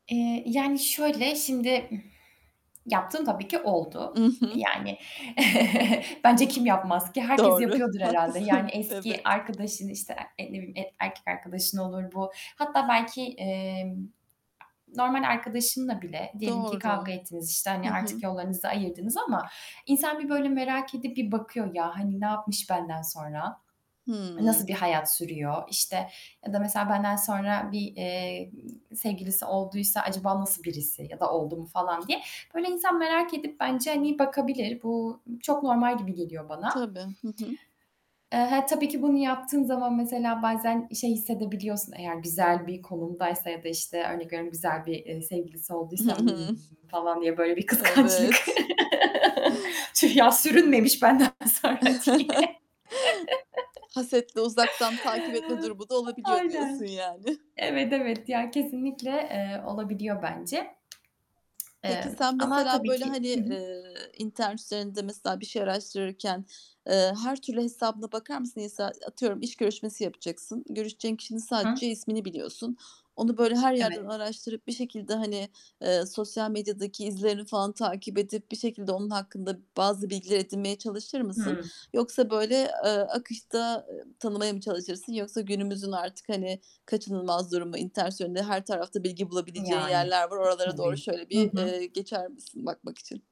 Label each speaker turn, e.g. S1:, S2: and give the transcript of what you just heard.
S1: Eee, yani, şöyle, şimdi, ıh, yaptığım tabii ki
S2: I
S1: oldu.
S2: hı.
S1: Yani bence kim yapmaz ki? Herkes
S2: Doğru,
S1: yapıyordur herhâlde. Yani
S2: haklısın.
S1: eski
S2: Evet.
S1: arkadaşın, işte, e e, ne bileyim erkek arkadaşın olur bu. Hatta belki, emm, normal arkadaşınla bile, diyelim ki kavga
S2: Doğru.
S1: ettiniz, işte,
S2: Hı
S1: hani, artık
S2: hı.
S1: yollarınızı ayırdınız ama insan bir böyle merak edip bir bakıyor ya, hani, "Ne yapmış benden sonra?
S2: Hıı.
S1: Nasıl bir hayat sürüyor?" İşte, ya da, mesela, benden sonra bir, eee, sevgilisi olduysa, "Acaba nasıl birisi?" ya da "Oldu mu?" falan diye. Böyle insan merak edip bence, hani, bakabilir. Bu, ııı, çok normal gibi geliyor bana.
S2: Tabii, hı hı.
S1: Eee, he tabii ki bunu yaptığın zaman, mesela, bazen şey hissedebiliyorsun, eğer güzel bir konumdaysa ya da, işte, örnek veriyorum: Güzel bir, eee, sevgilisi
S2: Hı
S1: olduysa, "Imm..."
S2: hı.
S1: falan diye böyle bir kıskançlık...
S2: Evet.
S1: "Tüh ya! Sürünmemiş benden sonra." diye.
S2: Hasetle uzaktan takip etme durumu da olabiliyor diyorsun
S1: Aynen.
S2: yani.
S1: Evet, evet ya, kesinlikle, eee, olabiliyor bence.
S2: Peki,
S1: Eee,
S2: sen,
S1: ama
S2: mesela,
S1: tabii
S2: böyle,
S1: ki
S2: hani,
S1: Hı hı.
S2: eee, internet üzerinde, mesela, bir şey araştırırken, eee, her türlü hesabına bakar mısın? Mesela atıyorum iş görüşmesi yapacaksın, görüşeceğin kişinin
S1: Hı.
S2: sadece ismini biliyorsun. Onu böyle her yerden
S1: Evet.
S2: araştırıp, bir şekilde, hani, eee, sosyal medyadaki izlerini falan takip edip, bir şekilde onun hakkında bazı bilgiler edinmeye çalışır mısın?
S1: Hıı.
S2: Yoksa böyle, eee, akışta, ııı, tanımaya mı çalışırsın? Yoksa günümüzün artık, hani, kaçınılmaz durumu; internet üzerinde her tarafta bilgi bulabileceğin
S1: Yani,
S2: yerler var. Oralara doğru
S1: tabii.
S2: şöyle
S1: Hı
S2: bir,
S1: hı.
S2: eee, geçer misin bakmak için?